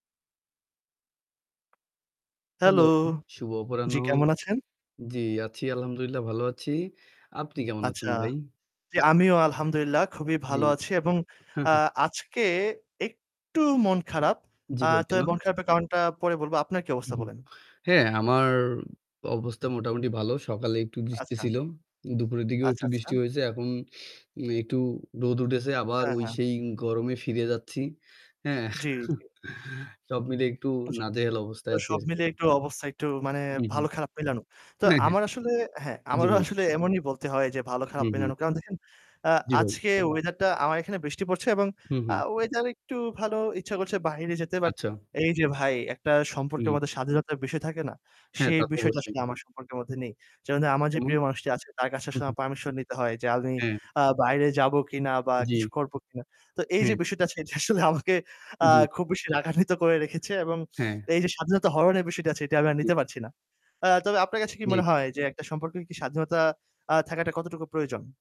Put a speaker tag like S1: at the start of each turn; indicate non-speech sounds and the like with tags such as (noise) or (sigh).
S1: Hello,
S2: Hello, শুভ অপরাহ্ণ।
S1: জি কেমন আছেন?
S2: জি, আছি, আলহামদুলিল্লাহ ভালো আছি। আপনি কেমন
S1: আচ্ছা,
S2: আছেন ভাই?
S1: জি, আমিও আলহামদুলিল্লাহ খুবই
S2: জি।
S1: ভালো আছি এবং আ
S2: (chuckles)
S1: আজকে একটু মন খারাপ।
S2: জি
S1: আ
S2: ভাই, কেন?
S1: তবে মন খারাপের কারণটা পরে বলব। আপনার কি অবস্থা
S2: উহু।
S1: বলেন?
S2: হ্যাঁ, আমার অবস্থা মোটামুটি ভালো। সকালে একটু বৃষ্টি
S1: আচ্ছা।
S2: ছিল, দুপুরের দিকেও
S1: আচ্ছা,
S2: একটু
S1: আচ্ছা।
S2: বৃষ্টি হয়েছে। এখন উম একটু রোদ উঠেছে, আবার
S1: হ্যাঁ,
S2: ওই
S1: হ্যাঁ।
S2: সেই গরমে ফিরে যাচ্ছি। হ্যাঁ,
S1: জি।
S2: (chuckles) সব মিলে একটু
S1: জি,
S2: নাজেহাল
S1: তো
S2: অবস্থায় আছি
S1: সব মিলিয়ে
S2: আরকি।
S1: একটু অবস্থা একটু মানে
S2: উহু।
S1: ভালো-খারাপ মিলানো। তো
S2: অ্যা হ্যাঁ।
S1: আমার আসলে হ্যাঁ,
S2: জি
S1: আমারও
S2: ভাই।
S1: আসলে এমনই বলতে হয় যে
S2: হু,
S1: ভালো-খারাপ
S2: হু।
S1: মিলানো। কারণ দেখেন, অ্যা
S2: জি, ভাই।
S1: আজকে weather টা আমার এখানে বৃষ্টি পড়ছে এবং
S2: হুম,
S1: আ
S2: হুম।
S1: weather একটু ভালো। ইচ্ছা করছে বাহিরে যেতে। But
S2: আচ্ছা।
S1: এই যে ভাই একটা সম্পর্কের
S2: উম
S1: মধ্যে স্বাধীনতার বিষয় থাকে না?
S2: হ্যাঁ,
S1: সেই
S2: তা তো
S1: বিষয়টা
S2: অবশ্যই।
S1: আসলে আমার সম্পর্কের মধ্যে নেই। যেমন ধরেন আমার যে
S2: কেমন?
S1: প্রিয় মানুষটি আছে তার কাছে
S2: হু,
S1: আসলে
S2: হু।
S1: আমার permission নিতে হয় জালনি
S2: হ্যাঁ।
S1: আ বাইরে যাব কিনা? বা কিছু
S2: জি।
S1: করব কিনা? তো এই
S2: হ্যাঁ।
S1: যে বিষয়টা আজকে এটা আসলে আমাকে আ
S2: জি।
S1: খুব বেশি রাগান্বিত করে রেখেছে এবং
S2: হ্যাঁ।
S1: এই যে স্বাধীনতা হরণের বিষয়টি আছে, এটি আমি আর
S2: জি।
S1: নিতে পারছি না। আ তবে আপনার কাছে কি
S2: জি।
S1: মনে হয় যে একটা সম্পর্কের কি স্বাধীনতা আ থাকাটা কতটুকু প্রয়োজন?